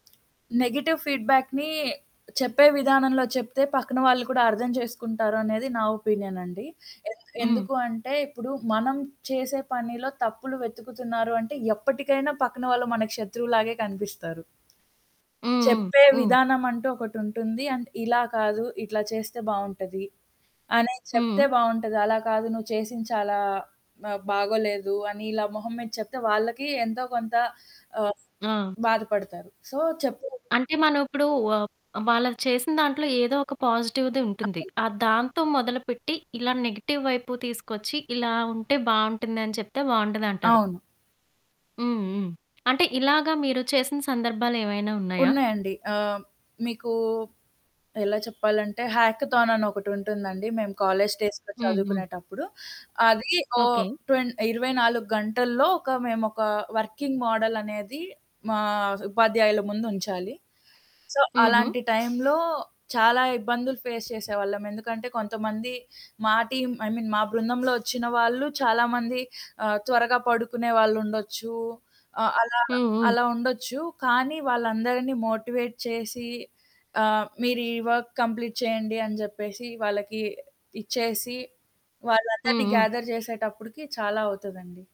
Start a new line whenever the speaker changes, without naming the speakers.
Negative ఫీడ్‌‌‌బ్యాక్‌ని చెప్పే విధానంలో చెప్తే పక్కన వాళ్ళు కూడా అర్థం చేసుకుంటారనేది నా ఒపీనియన్ అండి. ఎన్
హ్మ్.
ఎందుకు అంటే ఇప్పుడు మనం చేసే పనిలో తప్పులు వెతుకుతున్నారు అంటే ఎప్పటికైనా పక్కన వాళ్ళు మనకు శత్రువులాగే కనిపిస్తారు.
హ్మ్. హ్మ్.
చెప్పే
హ్మ్.
విధానం అంటూ ఒకటుంటుంది. అండ్ ఇలా కాదు ఇట్లా చేస్తే బావుంటది అనేది
హుహు.
చెప్తే బావుంటది. అలా కాదు నువ్వు చేసింది చాలా ఆహ్, బాగోలేదు అని ఇలా మొహం మీద చెప్తే వాళ్ళకి ఎంతో కొంత ఆహ్
ఆ!
బాధపడతారు. సో, చెప్పే విధా
అంటే, మనం ఇప్పుడు ఆహ్, వాళ్ళది చేసిన దాంట్లో ఏదో ఒక పాజిటివ్‌ది ఉంటుంది.
అవును.
ఆహ్, దాంతో మొదలుపెట్టి, ఇలా నెగెటివ్ వైపు తీసుకొచ్చి, ఇలా ఉంటే బావుంటుందని చెప్తే బావుంటదంటారు.
అవును.
హ్మ్. హ్మ్. అంటే ఇలాగా మీరు చేసిన సందర్భాలేమైనా ఉన్నాయా?
ఉన్నాయండి. ఆహ్, మీకు ఎలా చెప్పాలంటే హ్యాకథాన్ అని ఒకటుంటుందండి మేము కాలేజీ డేస్‌లో
హ్మ్. హ్మ్.
చదువుకునేటప్పుడు. అది ఓ
ఓకే.
ట్వెన్ 24 గంటల్లో ఒక మేమొక వర్కింగ్ మోడల్ అనేది మా ఉపాధ్యాయుల ముందుంచాలి. సో,
హుహు.
అలాంటి టైంలో చాలా ఇబ్బందులు ఫేస్ చేసేవాళ్ళం. ఎందుకంటే, కొంతమంది మా టీమ్ ఐ మీన్, మా బృందంలో ఒచ్చిన వాళ్ళు చాలామంది ఆహ్, త్వరగా పడుకునే వాళ్లుండొచ్చు. ఆహ్, అలా,
హ్మ్. హ్మ్.
అలా ఉండొచ్చు. కానీ, వాళ్ళందరిని మోటివేట్ చేసి, ఆహ్, మీరు ఈ వర్క్ కంప్లీట్ చేయండి అని చెప్పేసి వాళ్ళకి ఇచ్చేసి,
హ్మ్.
వాళ్ళందరిని
హ్మ్.
గ్యాథర్ చేసేటప్పటికి చాలా అవుతదండి.